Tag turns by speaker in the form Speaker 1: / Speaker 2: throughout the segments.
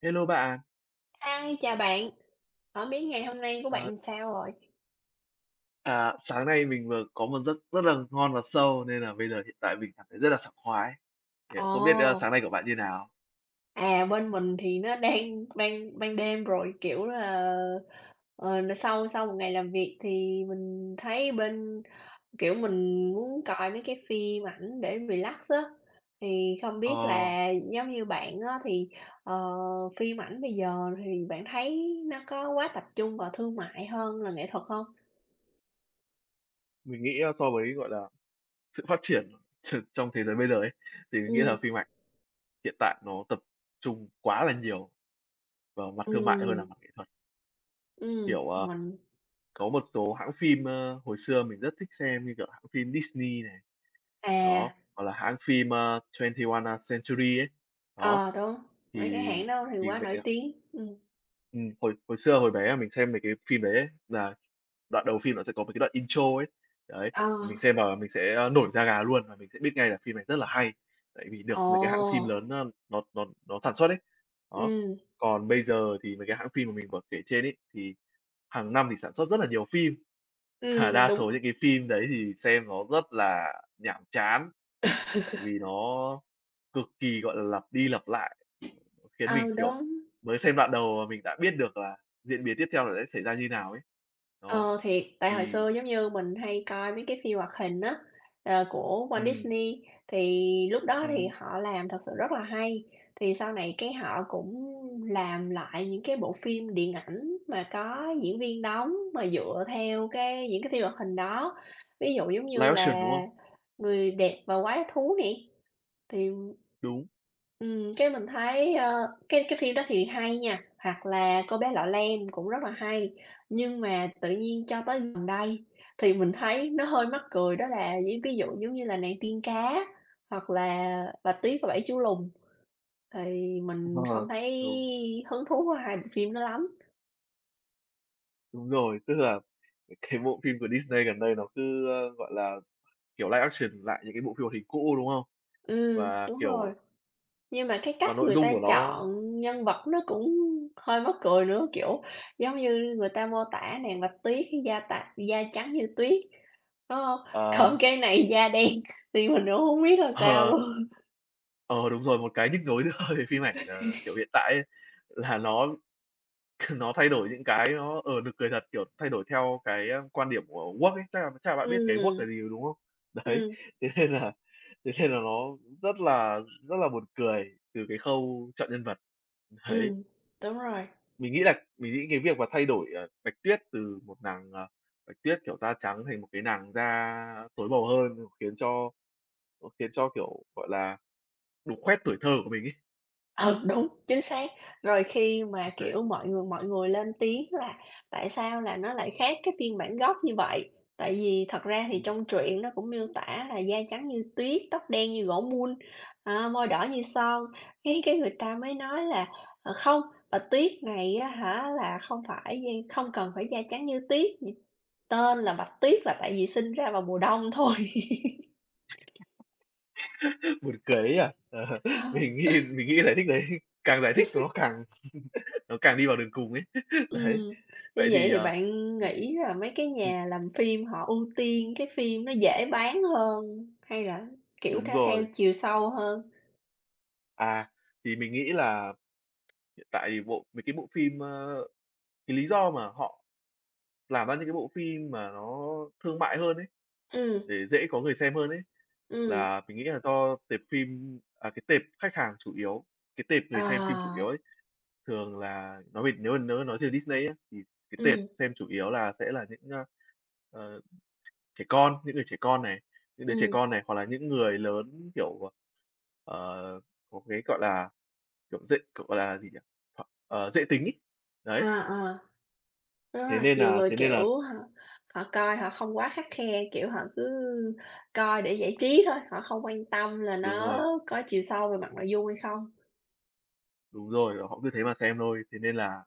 Speaker 1: Hello bà.
Speaker 2: Hi, chào bạn, hổng biết ngày hôm nay của bạn
Speaker 1: Ờ.
Speaker 2: làm sao rồi?
Speaker 1: À, sáng nay mình vừa có một giấc rất là ngon và sâu nên là bây giờ hiện tại mình cảm thấy rất là sảng khoái. Thì không biết, ơ,
Speaker 2: Ồ!
Speaker 1: sáng nay của bạn như nào?
Speaker 2: À, bên mình thì nó đang ban ban đêm rồi, kiểu là, ờ, n sau sau một ngày làm việc thì mình thấy bên, kiểu, mình muốn coi mấy cái phim ảnh để relax á. Thì không biết
Speaker 1: Ờ.
Speaker 2: là giống như bạn á thì, ờ, phim ảnh bây giờ thì bạn thấy nó có quá tập trung vào thương mại hơn là nghệ thuật không?
Speaker 1: Mình nghĩ, a, so với, gọi là, sự phát triển tr trong thế giới bây giờ ấy, thì mình nghĩ là
Speaker 2: Ừm.
Speaker 1: phim ảnh hiện tại nó tập trung quá là nhiều vào mặt thương mại hơn
Speaker 2: Ừm.
Speaker 1: là mặt nghệ thuật.
Speaker 2: Ừm,
Speaker 1: Kiểu, ờ,
Speaker 2: mình
Speaker 1: có một số hãng phim, ơ, hồi xưa mình rất thích xem như, kiểu, hãng phim Disney này, đó,
Speaker 2: À.
Speaker 1: hoặc là hãng phim, ơ, Twenty One, a, Century ấy, đó,
Speaker 2: Ờ, đúng, mấy cái
Speaker 1: thì
Speaker 2: hãng đó thì
Speaker 1: thì
Speaker 2: quá
Speaker 1: mấy
Speaker 2: nổi
Speaker 1: cái
Speaker 2: tiếng, ừm.
Speaker 1: Ừm, hồi hồi xưa, hồi bé mà mình xem mấy cái phim đấy ấy, là đoạn đầu phim nó sẽ có mấy cái đoạn intro ấy, đấy,
Speaker 2: Ờ.
Speaker 1: và mình xem và mình sẽ nổi da gà luôn. Và mình sẽ biết ngay là phim này rất là hay, tại vì được mấy cái hãng phim lớn
Speaker 2: Ồ!
Speaker 1: nó nó nó nó sản xuất ấy. Đó.
Speaker 2: Ừm.
Speaker 1: Còn bây giờ thì mấy cái hãng phim mà mình vừa kể trên ấy, thì hằng năm thì sản xuất rất là nhiều phim, mà
Speaker 2: Ừm,
Speaker 1: đa
Speaker 2: đúng.
Speaker 1: số những cái phim đấy thì xem nó rất là nhàm chán. Tại vì nó cực kỳ, gọi là, lặp đi lặp lại, khiến mình,
Speaker 2: Ừ,
Speaker 1: kiểu,
Speaker 2: đúng.
Speaker 1: mới xem đoạn đầu mà mình đã biết được là diễn biến tiếp theo là sẽ xảy ra như nào ấy. Đó,
Speaker 2: Ờ, thiệt, tại hồi
Speaker 1: thì
Speaker 2: xưa, giống như, mình hay coi mấy cái phim hoạt hình á, ờ, của Walt
Speaker 1: Ừm.
Speaker 2: Disney, thì lúc đó thì
Speaker 1: Ừm.
Speaker 2: họ làm thật sự rất là hay. Thì sau này cái họ cũng làm lại những cái bộ phim điện ảnh mà có diễn viên đóng mà dựa theo cái những cái phim hoạt hình đó. Ví dụ giống như
Speaker 1: Live action, đúng
Speaker 2: là
Speaker 1: không?
Speaker 2: "Người Đẹp Và Quái Thú" nè, thì,
Speaker 1: Đúng.
Speaker 2: ừm, cái mình thấy, ơ, cái cái phim đó thì hay nha, hoặc là "Cô bé Lọ Lem" cũng rất là hay. Nhưng mà tự nhiên cho tới gần đây thì mình thấy nó hơi mắc cười, đó là những cái vụ giống như là "Nàng Tiên Cá" hoặc là "Bạch Tuyết và Bảy Chú Lùn" thì mình
Speaker 1: Ờ,
Speaker 2: không thấy
Speaker 1: đúng.
Speaker 2: hứng thú với hai bộ phim đó lắm.
Speaker 1: Đúng rồi, tức là cái bộ phim của Disney gần đây nó cứ, ơ, gọi là, kiểu, live action lại những cái bộ phim hoạt hình cũ, đúng không?
Speaker 2: Ừm,
Speaker 1: Và,
Speaker 2: đúng rồi.
Speaker 1: kiểu
Speaker 2: Nhưng mà cái
Speaker 1: và
Speaker 2: cách
Speaker 1: nội
Speaker 2: người
Speaker 1: dung
Speaker 2: ta
Speaker 1: của nó
Speaker 2: chọn nhân vật nó cũng hơi mắc cười nữa. Kiểu, giống như người ta mô tả nàng Bạch Tuyết da tạ da trắng như tuyết, đúng hông? Còn
Speaker 1: À!
Speaker 2: cái này da đen thì mình cũng hổng biết làm sao
Speaker 1: À!
Speaker 2: luôn?
Speaker 1: Ờ, đúng rồi, một cái nhức nhối nữa về phim ảnh, ờ, kiểu, hiện tại ấy là nó nó thay đổi những cái nó, ờ, nực cười thật, kiểu, thay đổi theo cái quan điểm của Walt ấy. Chắc là chắc là bạn biết cái Walt là
Speaker 2: Ừm.
Speaker 1: gì rồi, đúng không? Đấy,
Speaker 2: Ừm.
Speaker 1: thế nên là thế nên là nó rất là rất là buồn cười từ cái khâu chọn nhân vật. Đấy.
Speaker 2: Ừm, đúng rồi.
Speaker 1: Mình nghĩ là mình nghĩ cái việc mà thay đổi, ờ, Bạch Tuyết từ một nàng, à, Bạch Tuyết, kiểu, da trắng thành một cái nàng da tối màu hơn khiến cho, ơ, khiến cho, kiểu, gọi là, đục khoét tuổi thơ của mình ấy.
Speaker 2: Ừ, đúng, chính xác. Rồi khi mà,
Speaker 1: Đấy.
Speaker 2: kiểu, mọi người mọi người lên tiếng là "Tại sao là nó lại khác cái phiên bản gốc như vậy?" Tại vì thật ra thì
Speaker 1: Ừm.
Speaker 2: trong truyện nó cũng miêu tả là "da trắng như tuyết, tóc đen như gỗ mun, à, môi đỏ như son." Cái cái người ta mới nói là "Ờ, không, Bạch Tuyết này á hả là không phải da không cần phải da trắng như tuyết. [unintelligible] Tên là Bạch Tuyết là tại vì sinh ra vào mùa đông thôi."
Speaker 1: Buồn cười đấy nhỉ? Ờ,
Speaker 2: Ờ.
Speaker 1: mình nghĩ mình nghĩ giải thích đấy càng giải thích nó càng nó càng đi vào đường cùng ấy. Đấy,
Speaker 2: Ừm, như
Speaker 1: vậy
Speaker 2: vậy
Speaker 1: thì,
Speaker 2: thì
Speaker 1: ờ
Speaker 2: bạn
Speaker 1: ừm,
Speaker 2: nghĩ là mấy cái
Speaker 1: ừm.
Speaker 2: nhà làm phim họ ưu tiên cái phim nó dễ bán hơn hay là, kiểu,
Speaker 1: Đúng
Speaker 2: theo theo
Speaker 1: rồi.
Speaker 2: chiều sâu hơn?
Speaker 1: À, thì mình nghĩ là, hiện tại thì bộ mấy cái bộ phim, ơ cái lý do mà họ làm ra những cái bộ phim mà nó thương mại hơn ấy
Speaker 2: Ừm.
Speaker 1: để dễ có người xem hơn ấy,
Speaker 2: Ừm.
Speaker 1: là mình nghĩ là do tệp phim à, cái tệp khách hàng chủ yếu, cái tệp người xem phim chủ yếu
Speaker 2: Ờ.
Speaker 1: ấy thường là nói về nếu mà nếu mà nói về Disney á thì cái tệp
Speaker 2: Ừm.
Speaker 1: xem chủ yếu là sẽ là những, ơ, ờ, tr trẻ con, những người trẻ con này, những đứa trẻ
Speaker 2: Ừm.
Speaker 1: con này hoặc là những người lớn, kiểu, ờ, ờ, có cái, gọi là, kiểu, dễ kiểu, gọi là gì nhỉ? Ờ, dễ tính ấy. Đấy!
Speaker 2: À, ờ. Đúng
Speaker 1: Thế
Speaker 2: rồi,
Speaker 1: nên
Speaker 2: nhiều
Speaker 1: nà
Speaker 2: người,
Speaker 1: thế nên là
Speaker 2: kiểu, họ họ coi họ không quá khắt khe. Kiểu, họ cứ coi để giải trí thôi, họ không quan tâm là
Speaker 1: Đúng rồi.
Speaker 2: nó có chiều sâu về mặt nội dung hay không.
Speaker 1: Đúng rồi, họ cứ thế mà xem thôi. Thế nên là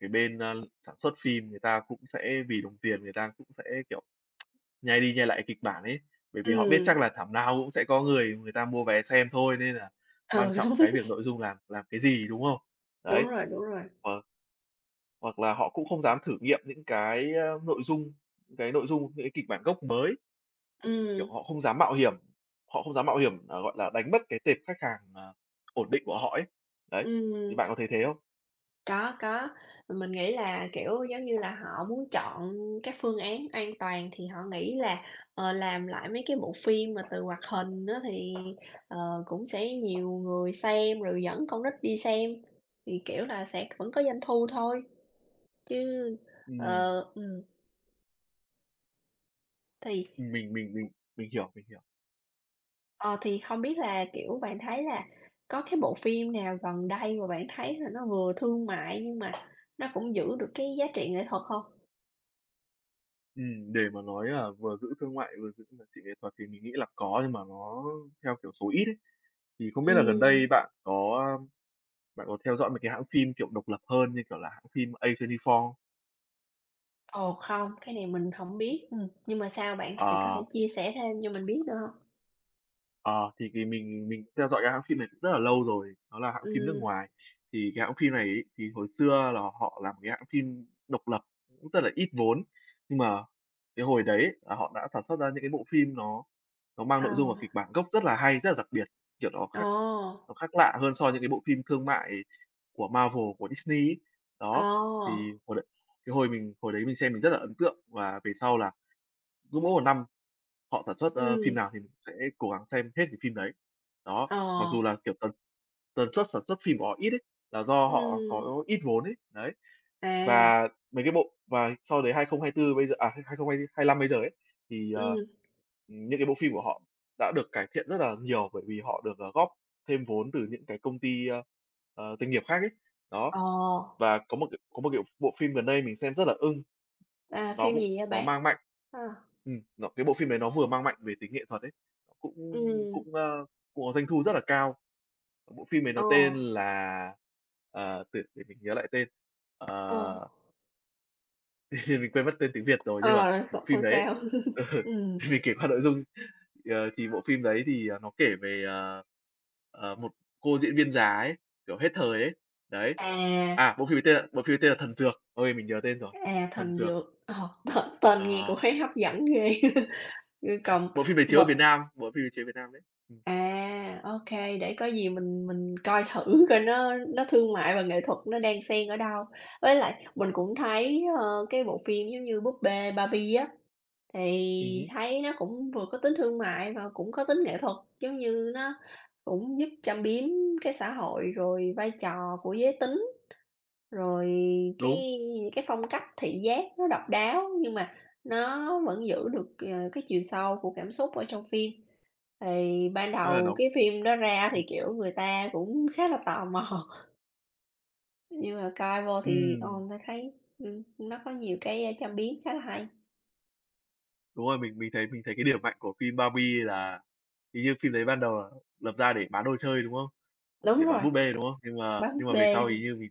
Speaker 1: cái bên, ơ, sản xuất phim người ta cũng sẽ vì đồng tiền người ta cũng sẽ, kiểu, nhai đi nhai lại kịch bản ấy, bởi vì họ biết chắc
Speaker 2: Ừm.
Speaker 1: là thảm nào cũng sẽ có người người ta mua vé xem thôi, nên là quan
Speaker 2: Ừ, đúng.
Speaker 1: trọng cái việc nội dung làm làm cái gì, đúng không? Đấy,
Speaker 2: Đúng rồi, đúng rồi.
Speaker 1: hoặc hoặc là họ cũng không dám thử nghiệm những cái, a, nội dung cái nội dung, những cái kịch bản gốc mới. Kiểu,
Speaker 2: Ừm.
Speaker 1: họ không dám mạo hiểm họ không dám mạo hiểm, à, gọi là, đánh mất cái tệp khách hàng, ờ, ổn định của họ ấy. Đấy, thì
Speaker 2: Ừm.
Speaker 1: bạn có thấy thế không?
Speaker 2: Có, có. Mình nghĩ là, kiểu, giống như là, họ muốn chọn các phương án an toàn thì họ nghĩ là, ờ, làm lại mấy cái bộ phim mà từ hoạt hình á, thì, ờ, cũng sẽ nhiều người xem rồi dẫn con nít đi xem, thì, kiểu là, sẽ cũng có doanh thu thôi. Chứ,
Speaker 1: Ừm.
Speaker 2: ờ ừm. Thì
Speaker 1: Mình mình mình mình hiểu, mình hiểu.
Speaker 2: ờ, thì không biết là, kiểu, bạn thấy là có cái bộ phim nào gần đây mà bạn thấy là nó vừa thương mại, nhưng mà nó cũng giữ được cái giá trị nghệ thuật không?
Speaker 1: Ừm, để mà nói là vừa giữ thương mại vừa giữ gìn nghệ thuật thì mình nghĩ là có, nhưng mà nó theo kiểu số ít ấy. Thì không biết là gần
Speaker 2: Ừm.
Speaker 1: đây bạn có, a, bạn có theo dõi mấy cái hãng phim, kiểu, độc lập hơn, như kiểu là, hãng phim A24 không?
Speaker 2: Ồ, không, cái này mình hổng biết, ừm. Nhưng mà sao bạn, bạn có
Speaker 1: Ờ.
Speaker 2: thể chia sẻ thêm cho mình biết được hông?
Speaker 1: Ờ, thì vì mình mình theo dõi cái hãng phim này cũng rất là lâu rồi. Đó là hãng phim nước
Speaker 2: Ừm.
Speaker 1: ngoài. Thì cái hãng phim này ấy, thì hồi xưa là họ làm cái hãng phim độc lập, cũng rất là ít vốn. Nhưng mà cái hồi đấy, là họ đã sản xuất ra những cái bộ phim nó nó mang
Speaker 2: Ờ.
Speaker 1: nội dung và kịch bản gốc rất là hay, rất là đặc biệt, kiểu, nó khác
Speaker 2: Ồ!
Speaker 1: nó khác lạ hơn so với cái bộ phim thương mại của Marvel, của Disney ấy. Đó, thì
Speaker 2: Ồ!
Speaker 1: hồi đấy cái hồi mình hồi đấy mình xem mình rất là ấn tượng, và về sau là cứ mỗi một năm họ sản xuất, ơ, phim
Speaker 2: Ừm.
Speaker 1: nào thì cũng sẽ cố gắng xem hết cái phim đấy. Đó, mặc dù
Speaker 2: Ờ.
Speaker 1: là, kiểu, tần tần suất sản xuất phim của họ ít ấy, là do họ
Speaker 2: Ừm.
Speaker 1: có ít vốn ấy, đấy.
Speaker 2: À.
Speaker 1: Và mấy cái bộ và sau đấy 2024 bây giờ à, 2025 bây giờ ấy, thì, ờ,
Speaker 2: Ừm.
Speaker 1: những cái bộ phim của họ đã được cải thiện rất là nhiều bởi vì họ được, ờ, góp thêm vốn từ những cái công ty, ơ, ờ, doanh nghiệp khác ấy. Đó.
Speaker 2: Ồ.
Speaker 1: Và có một cái có một, kiểu, bộ phim gần đây mình xem rất là ưng.
Speaker 2: À,
Speaker 1: Nó
Speaker 2: phim
Speaker 1: cũng
Speaker 2: gì vậy
Speaker 1: nó
Speaker 2: bạn?
Speaker 1: mang mạnh
Speaker 2: Ờ.
Speaker 1: ừm, nó cái bộ phim đấy nó vừa mang mạnh về tính nghệ thuật ấy, cũng
Speaker 2: Ừm.
Speaker 1: cũng, ơ, cũng có doanh thu rất là cao. Bộ phim này nó
Speaker 2: Ồ.
Speaker 1: tên là, ờ, từ để mình nhớ lại tên.
Speaker 2: Ồ.
Speaker 1: Ờ. Mình quên mất tên tiếng Việt rồi nhưng mà
Speaker 2: Ờ, kh
Speaker 1: bộ phim
Speaker 2: không
Speaker 1: đấy ấy
Speaker 2: sao,
Speaker 1: ừ,
Speaker 2: ừm.
Speaker 1: mình kể qua nội dung, ờ, thì bộ phim đấy thì nó kể về, ờ, ờ, một cô diễn viên già ấy, kiểu, hết thời ấy, đấy.
Speaker 2: À.
Speaker 1: À, bộ phim ấy tên là bộ phim ấy tên là "Thần dược." Ôi, mình nhớ tên rồi!
Speaker 2: À,
Speaker 1: "Thần
Speaker 2: "Thần
Speaker 1: dược."
Speaker 2: dược", ờ, t tên nghe
Speaker 1: Ờ.
Speaker 2: cũng thấy hấp dẫn ghê! Ư, cồng
Speaker 1: Bộ phim đấy
Speaker 2: m
Speaker 1: chiếu ở Việt Nam, bộ phim đấy chiếu Việt Nam đấy. Ừm.
Speaker 2: À, OK, để có gì mình mình coi thử coi nó nó thương mại và nghệ thuật nó đang xen ở đâu. Với lại mình cũng thấy, ơ, cái bộ phim giống như "Búp bê Barbie" á
Speaker 1: Ừ
Speaker 2: thì
Speaker 1: hứ.
Speaker 2: thấy nó cũng vừa có tính thương mại và cũng có tính nghệ thuật, giống như nó cũng giúp châm biếm cái xã hội, rồi vai trò của giới tính, rồi
Speaker 1: Đúng.
Speaker 2: cái cái phong cách thị giác nó độc đáo, nhưng mà nó vẫn giữ được, à, cái chiều sâu của cảm xúc ở trong phim. Thì ban
Speaker 1: Tức là
Speaker 2: đầu
Speaker 1: nó
Speaker 2: cái phim đó ra thì,
Speaker 1: ừm.
Speaker 2: kiểu, người ta cũng khá là tò mò. Nhưng mà coi vô thì, ờ,
Speaker 1: Ừm.
Speaker 2: người ta thấy, ừm, nó có nhiều cái châm biến khá là hay.
Speaker 1: Đúng rồi, mình mình thấy mình thấy cái điểm mạnh của phim "Barbie" là hình như phim đấy ban đầu là lập ra để bán đồ chơi, đúng không?
Speaker 2: Đúng
Speaker 1: Để bán
Speaker 2: rồi.
Speaker 1: búp bê, đúng không? Nhưng mà
Speaker 2: Bán búp
Speaker 1: nhưng mà về
Speaker 2: bê.
Speaker 1: sau hình như vì,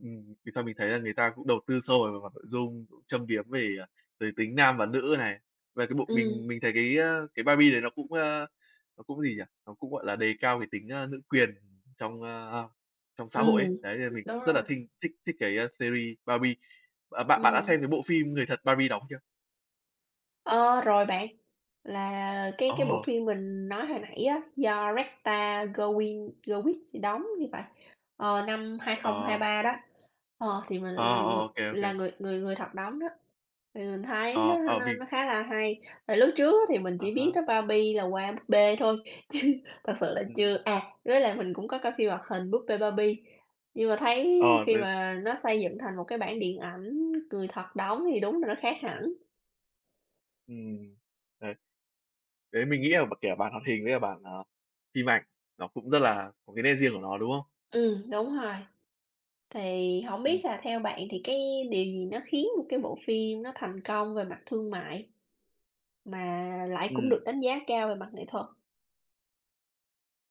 Speaker 1: ừm, về sau mình thấy là người ta cũng đầu tư sâu về mặt nội dung, cũng châm biếm về, à, về tính nam và nữ này. Và cái bộ mình
Speaker 2: Ừm.
Speaker 1: mình thấy, a, cái cái "Barbie" đấy nó cũng, ơ, nó cũng gì nhỉ? Nó cũng, gọi là, đề cao cái tính, a, nữ quyền trong, a, trong xã hội ấy,
Speaker 2: Ừm,
Speaker 1: đấy, nên là mình
Speaker 2: đúng
Speaker 1: cũng rất
Speaker 2: rồi.
Speaker 1: là thinh thích thích cái, a, series "Barbie." Bạn bạn bạn đã
Speaker 2: Ừm.
Speaker 1: xem cái bộ phim người thật "Barbie" đóng chưa?
Speaker 2: Ờ, rồi bạn. Là cái cái bộ
Speaker 1: Ồ!
Speaker 2: phim mình nói hồi nãy á, do Ryan Gosling gì đóng thì phải, ờ, năm
Speaker 1: Ờ.
Speaker 2: 2023 đó, ờ, thì mình
Speaker 1: Ờ, ờ,
Speaker 2: mình người
Speaker 1: ô kê, ô
Speaker 2: là
Speaker 1: kê.
Speaker 2: người người người thật đóng đó, thì mình thấy nó
Speaker 1: Ờ, ờ,
Speaker 2: nó
Speaker 1: mình
Speaker 2: nó khá là hay. Tại lúc trước á thì mình
Speaker 1: À
Speaker 2: chỉ biết
Speaker 1: há.
Speaker 2: đó Barbie là qua búp bê thôi, chứ thật sự là
Speaker 1: Ừm.
Speaker 2: chưa à, với lại mình cũng có coi phim hoạt hình "Búp bê Barbie." Nhưng mà thấy
Speaker 1: Ờ,
Speaker 2: khi
Speaker 1: v
Speaker 2: mà nó xây dựng thành một cái bản điện ảnh người thật đóng thì đúng là nó khác hẳn.
Speaker 1: Ừm, đấy. Đấy, mình nghĩ là b kiểu, bản hoạt hình với cả bản, à, phim ảnh, nó cũng rất là có cái nét riêng của nó, đúng không?
Speaker 2: Ừm, đúng rồi. Thì hổng
Speaker 1: Ừm.
Speaker 2: biết là theo bạn thì cái điều gì nó khiến một cái bộ phim nó thành công về mặt thương mại, mà lại cũng
Speaker 1: Ừm.
Speaker 2: được đánh giá cao về mặt nghệ thuật?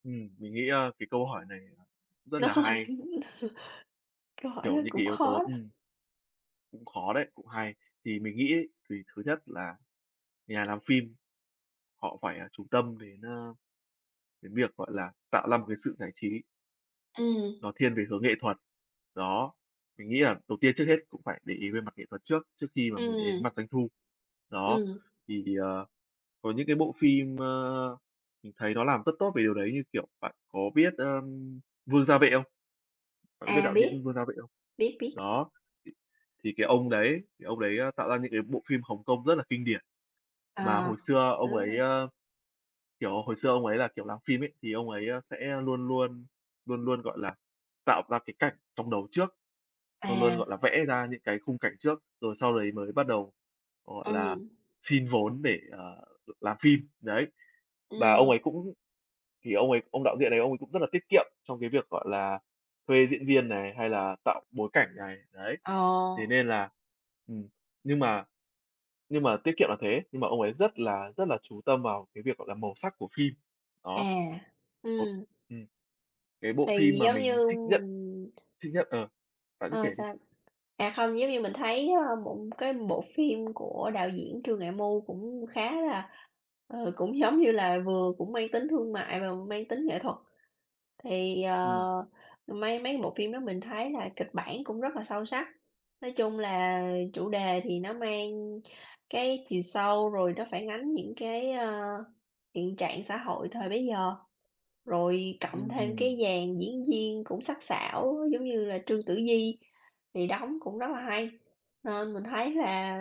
Speaker 1: Ừm, mình nghĩ, a, cái câu hỏi này cũng rất
Speaker 2: Nó
Speaker 1: là
Speaker 2: hơi [unintelligible]
Speaker 1: hay.
Speaker 2: câu hỏi đó
Speaker 1: Kiểu, những cái
Speaker 2: cũng
Speaker 1: yếu tố
Speaker 2: khó đó.
Speaker 1: ừm. Cũng khó đấy, cũng hay. Thì mình nghĩ ấy, thì thứ nhất là nhà làm phim họ phải, à, chú tâm đến, ơ, cái việc, gọi là, tạo ra một cái sự giải trí
Speaker 2: Ừm.
Speaker 1: nó thiên về hướng nghệ thuật, đó. Mình nghĩ là đầu tiên trước hết cũng phải để ý về mặt nghệ thuật trước, trước khi mà mình để ý đến
Speaker 2: Ừm.
Speaker 1: mặt doanh thu. Đó,
Speaker 2: Ừm.
Speaker 1: thì, ờ, có những cái bộ phim, ơ, mình thấy nó làm rất tốt về điều đấy như, kiểu, bạn có biết, ơm, Vương Gia Vệ không? Bạn có biết
Speaker 2: À,
Speaker 1: đạo diễn
Speaker 2: biết.
Speaker 1: Vương Gia Vệ không?
Speaker 2: Biết, biết.
Speaker 1: Đó, thì thì cái ông đấy cái ông đấy, ơ, tạo ra những cái bộ phim Hồng Kông rất là kinh điển. Mà
Speaker 2: À.
Speaker 1: hồi xưa ông ấy,
Speaker 2: A!
Speaker 1: ơ, kiểu, hồi xưa ông ấy là, kiểu, làm phim ấy, thì ông ấy, ơ, sẽ luôn luôn luôn luôn, gọi là, tạo ra cái cảnh trong đầu trước, luôn luôn,
Speaker 2: À.
Speaker 1: gọi là, vẽ ra những cái khung cảnh trước, rồi sau đấy mới bắt đầu, gọi là,
Speaker 2: Ừm.
Speaker 1: xin vốn để, ờ, được làm phim, đấy. Và ông ấy
Speaker 2: Ừm.
Speaker 1: cũng thì ông ấy, ông đạo diện này ông ấy cũng rất là tiết kiệm trong cái việc, gọi là, thuê diễn viên này, hay là tạo bối cảnh này, đấy. Thế
Speaker 2: Ờ
Speaker 1: nên là ừm, nhưng mà nhưng mà tiết kiệm là thế, nhưng mà ông ấy rất là rất là chú tâm vào cái việc, gọi là, màu sắc của phim,
Speaker 2: À,
Speaker 1: đó. Ồ,
Speaker 2: ừm.
Speaker 1: ừm, cái bộ phim
Speaker 2: Thì
Speaker 1: mà
Speaker 2: giống
Speaker 1: mình
Speaker 2: như
Speaker 1: thích nhất
Speaker 2: mình
Speaker 1: thích nhất ờ, bạn cứ
Speaker 2: Ờ,
Speaker 1: kể đi.
Speaker 2: sao? À, không, giống như mình thấy, ờ, một cái bộ phim của đạo diễn Trương Nghệ Mưu cũng khá là ờ, cũng giống như là vừa cũng mang tính thương mại và mang tính nghệ thuật. Thì, ờ,
Speaker 1: Ừm.
Speaker 2: mấy mấy cái bộ phim đó mình thấy là kịch bản cũng rất là sâu sắc. Nói chung là chủ đề thì nó mang cái chiều sâu rồi nó phản ánh những cái, ơ, hiện trạng xã hội thời bấy giờ. Rồi cộng thêm cái
Speaker 1: [unintelligible]
Speaker 2: dàn diễn viên cũng sắc sảo giống như là Trương Tử Di thì đóng cũng rất là hay, nên mình thấy là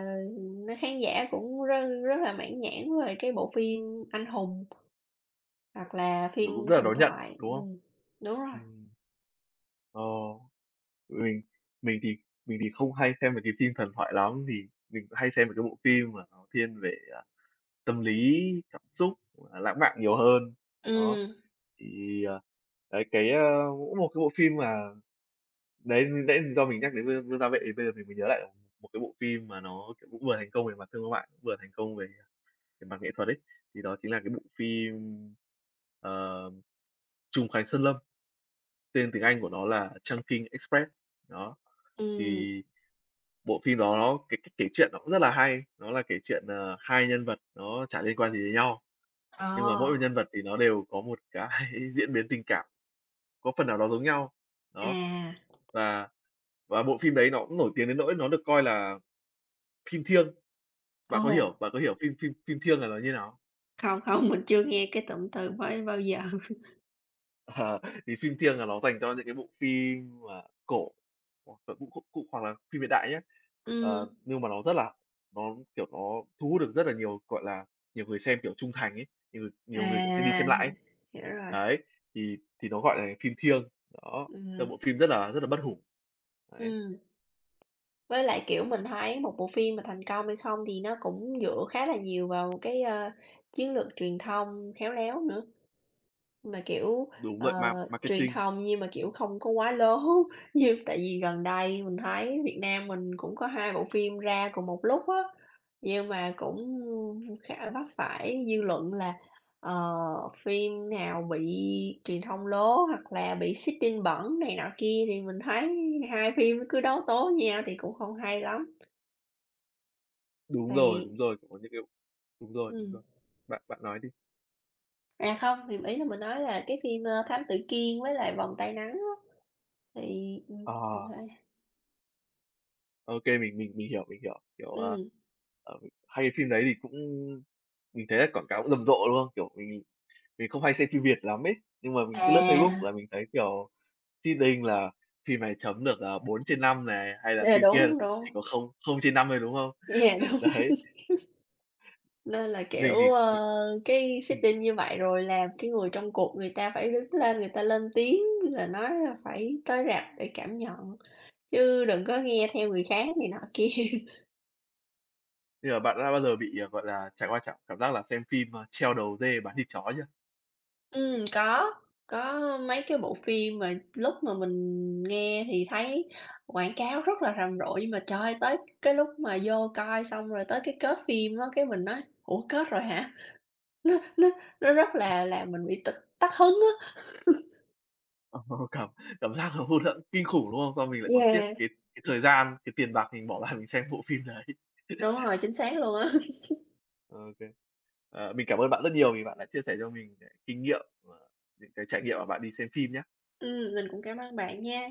Speaker 2: khán giả cũng rất rất là mãn nhãn về cái bộ phim anh hùng hoặc là phim
Speaker 1: Kiểu, cũng rất là
Speaker 2: "Thần
Speaker 1: đón nhận,
Speaker 2: thoại"
Speaker 1: đúng không?
Speaker 2: ừm, đúng rồi.
Speaker 1: Ừm. Ờ, mình mình thì mình thì không hay xem mấy cái phim thần thoại lắm vì mình hay xem mấy cái bộ phim mà nó thiên về, ờ, tâm lý, cảm xúc, hoặc là lãng mạn nhiều hơn, đó.
Speaker 2: Ừm.
Speaker 1: Thì, ờ, đấy, cái, ơ, mỗi một cái bộ phim mà đấy, mình nãy do mình nhắc đến Vương Vương Gia Vệ thì bây giờ mình mới nhớ lại một cái bộ phim mà nó, kiểu, cũng vừa thành công về mặt thương mại, vừa thành công về mặt nghệ thuật ấy. Thì đó chính là cái bộ phim, ờm, "Trùng Khánh Sơn Lâm", tên tiếng Anh của nó là "Chungking Express", đó.
Speaker 2: Ừm.
Speaker 1: Thì bộ phim đó nó cái cách kể truyện nó cũng rất là hay, nó là kể chuyện, ờ, hai nhân vật nó chả liên quan gì đến nhau, nhưng mà mỗi
Speaker 2: Ờ.
Speaker 1: một nhân vật thì nó đều có một cái diễn biến tình cảm có phần nào đó giống nhau, đó.
Speaker 2: À.
Speaker 1: Và và bộ phim đấy nó cũng nổi tiếng đến nỗi nó được coi là phim "thiêng". Bạn có
Speaker 2: Ồ.
Speaker 1: hiểu bạn có hiểu phim phim phim "thiêng" là nó như nào không?
Speaker 2: Không, không, mình chưa nghe cái tụm từ mới bao giờ.
Speaker 1: Ờ, thì phim "thiêng" là nó dành cho những cái bộ phim mà cổ hoặc là cụ các cụ, hoặc là phim hiện đại nhá,
Speaker 2: Ừm.
Speaker 1: ờ nhưng mà nó rất là nó, kiểu, nó thu hút được rất là nhiều, gọi là, nhiều người xem, kiểu, trung thành ấy, nh nhiều người, kiểu, xem đi xem
Speaker 2: À, h
Speaker 1: lại ấy.
Speaker 2: hiểu rồi.
Speaker 1: Đấy, thì thì nó gọi là phim "thiêng", đó, tức
Speaker 2: Ừm.
Speaker 1: là bộ phim rất là rất là bất hủ. Đấy.
Speaker 2: Ừm. Với lại, kiểu, mình thấy một bộ phim mà thành công hay không thì nó cũng dựa khá là nhiều vào cái, a, chiến lược truyền thông khéo léo nữa, mà, kiểu,
Speaker 1: Đúng
Speaker 2: ờ,
Speaker 1: vậy, ma
Speaker 2: truyền
Speaker 1: marketing.
Speaker 2: thông nhiên mà, kiểu,
Speaker 1: Ừm.
Speaker 2: không có quá lố. Như tại vì gần đây mình thấy Việt Nam mình cũng có 2 bộ phim ra cùng một lúc á, nhưng mà cũng khá là vấp phải dư luận là, ờ, phim nào bị truyền thông lố hoặc là bị seeding bẩn này nọ kia, thì mình thấy hai phim nó cứ đấu tố nhau thì cũng không hay lắm.
Speaker 1: Đúng rồi,
Speaker 2: Thì
Speaker 1: đúng rồi, cũng có những cái đúng rồi, đúng
Speaker 2: Ừm.
Speaker 1: rồi. Bạn bạn nói đi!
Speaker 2: À, không, thì ý là mình nói là cái phim, ờ, Thám tử Kiên với lại Vòng tay nắng á, thì, ừm, mình
Speaker 1: Ờ.
Speaker 2: phải
Speaker 1: Ô kê, mình mình mình hiểu, mình hiểu, kiểu, ờ,
Speaker 2: Ừm.
Speaker 1: ờ, hai cái phim đấy thì cũng mình thấy là quảng cáo rầm rộ, đúng không? Kiểu, mình mình mình không hay xem phim Việt lắm ấy, nhưng mà mình cứ lướt Facebook
Speaker 2: À.
Speaker 1: là mình thấy kiểu seeding là phim này chấm được, ờ, 4/5 này, hay là
Speaker 2: Yeah,
Speaker 1: phim kia
Speaker 2: đúng,
Speaker 1: chỉ
Speaker 2: đúng.
Speaker 1: có không không trên 5 thôi, đúng không?
Speaker 2: Yeah, đúng.
Speaker 1: Đấy.
Speaker 2: Nên là, kiểu,
Speaker 1: Mình thì, ừ
Speaker 2: ờ, cái
Speaker 1: ừm.
Speaker 2: seeding như vậy rồi làm cái người trong cuộc người ta phải đứng lên, người ta lên tiếng là nói là phải tới rạp để cảm nhận, chứ đừng có nghe theo người khác này nọ kia.
Speaker 1: Bây giờ bạn đã bao giờ bị, ờ, gọi là, trải qua trạng cảm giác là xem phim, ờ, treo đầu dê bán thịt chó chưa?
Speaker 2: Ừm, có, có mấy cái bộ phim mà lúc mà mình nghe thì thấy quảng cáo rất là rầm rộ, nhưng mà, trời ơi, tới cái lúc mà vô coi xong rồi tới cái kết phim á, cái mình nói: "Ủa, kết rồi hả?!" Nó nó nó rất
Speaker 1: [unintelligible]
Speaker 2: là làm mình bị tịch tắt hứng á.
Speaker 1: Cảm cảm giác nó hụt hẫng kinh khủng, đúng không? Xong mình lại còn tiếc
Speaker 2: Yeah.
Speaker 1: cái cái thời gian, cái tiền bạc mình bỏ ra mình xem bộ phim đấy.
Speaker 2: Đúng rồi, chính xác luôn á.
Speaker 1: Ô kê. Ờ, mình cảm ơn bạn rất nhiều vì bạn đã chia sẻ cho mình nh kinh nghiệm và những cái trải nghiệm mà bạn đi xem phim nhá.
Speaker 2: Ừm, mình cũng cám ơn bạn nha!